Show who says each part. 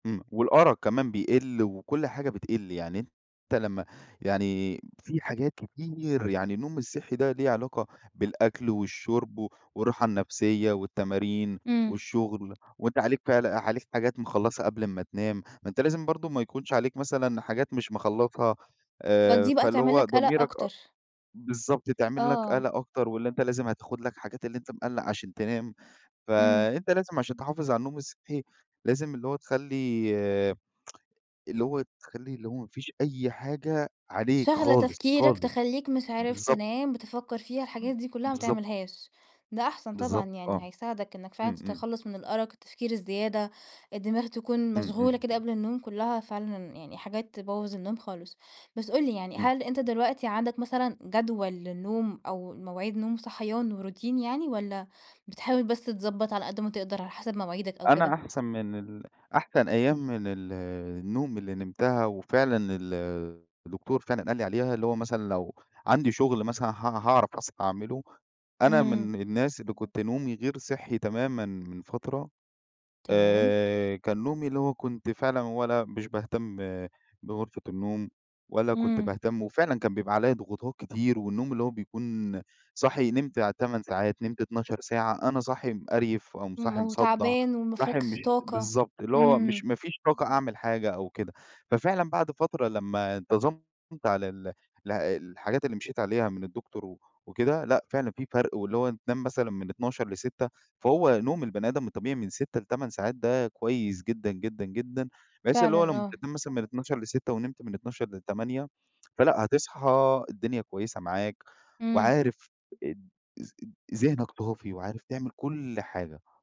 Speaker 1: إمم. والأرَق كمان بيقِل وكل حاجة بتقِل. يعني أنت لمّا يعني في حاجات كتير يعني النوم الصحّي ده له علاقة بالأكل والشُرب و والراحة النفسية والتمارين
Speaker 2: إمم.
Speaker 1: والشغل، وأنت عليك فعل عليك حاجات مخلّصها قبل أمَّا تنام، ما أنت لازم برضه ما يكونش عليك مثلًا حاجات مش مخلّصها، آآ
Speaker 2: فدي بقى
Speaker 1: فاللي
Speaker 2: تعمل
Speaker 1: هو
Speaker 2: لك قَلَق
Speaker 1: ضميرك أ
Speaker 2: أكتر.
Speaker 1: بالضبط، تعمل لك
Speaker 2: آه.
Speaker 1: قَلَق أكتر واللي أنت لازم هتاخُد لك حاجات اللي أنت مِقلَّق عشان تنام.
Speaker 2: إمم.
Speaker 1: فأنت لازم عشان تحافظ على النوم الصحّي، لازم اللي هو تخلّي اللي هو تخلّي اللي هو ما فيش أي حاجة عليك
Speaker 2: شاغلة
Speaker 1: خالص،
Speaker 2: تفكيرك،
Speaker 1: خالص.
Speaker 2: تخلّيك مش عارف
Speaker 1: بالضبط.
Speaker 2: تنام، بتفكّر فيها،
Speaker 1: ب
Speaker 2: الحاجات دي كُلّها ما
Speaker 1: بالضبط.
Speaker 2: تعملهاش، ده أحسن طبعًا
Speaker 1: بالضبط
Speaker 2: يعني
Speaker 1: آه.
Speaker 2: هيساعدك إنّك فعلًا
Speaker 1: إمم، إمم.
Speaker 2: تتخلّص من الأرَق، التفكير الزيادة، الدماغ تكون
Speaker 1: إمم،
Speaker 2: مشغولة
Speaker 1: إمم،
Speaker 2: كده
Speaker 1: إمم.
Speaker 2: قبل النوم كُلهّا فعلًا يعني حاجات تبوّظ النوم خالص. بس قُل لي يعني،
Speaker 1: إمم.
Speaker 2: هل أنت دلوقتي عندك مثلًا جدول للنوم أو مواعيد نوم وصحيان وروتين يعني والّا بتحاول بس تضبّط على قد ما تقدر على حسب مواعيدك أو
Speaker 1: أنا
Speaker 2: كده؟
Speaker 1: أحسن من ال أحسن أيام من ال النوم اللي نمتها وفعلًا ال الدكتور فعلًا قال لي عليها، اللي هو مثلًا لو عندي شغل مثلًا ه هاعرف أصحى أعمله، أنا
Speaker 2: اهم.
Speaker 1: من الناس اللي كنت نومي غير صحّي تمامًا من فترة،
Speaker 2: تمام.
Speaker 1: آآ، كان نومي اللي هو كنت فعلًا ولا مش باهتم بغرفة النوم ولا كنت
Speaker 2: إمم.
Speaker 1: باهتم وفعلًا كان بيبقى عليّا ضغوطات كتير والنوم اللي هو بيكون صاحي نمت 8 ساعات، نمت 12 ساعة، أنا صاحي مِقَرْيِف أو م
Speaker 2: إمم.
Speaker 1: صاحي مصدّع،
Speaker 2: وتعبان وما
Speaker 1: صاحي
Speaker 2: فيكش
Speaker 1: مش
Speaker 2: طاقة.
Speaker 1: بالضبط، اللي هو مش
Speaker 2: إمم.
Speaker 1: ما فيش طاقة أعمل حاجة أو كده. ففعلًا بعد فترة لما انتظمت على ال ال الحاجات اللي مشيت عليها من الدكتور و وكده، لأ، فعلًا في فرق، واللي هو تنام مثلًا من 00:00 ل06:00 فهو نوم البني آدم الطبيعي من 6 ل8 ساعات ده كويس جدًا، جدًا، جدًا بحيث اللي هو
Speaker 2: فعلًا،
Speaker 1: لمّا
Speaker 2: آه.
Speaker 1: تنام مثلًا من 00:00 ل06:00 ونمت من 00:00 ل08:00 فلأ، هتصحى الدنيا كويسة معاك،
Speaker 2: إمم.
Speaker 1: وعارف اد اذ ذِهنك صافي وعارف تعمل كل حاجة.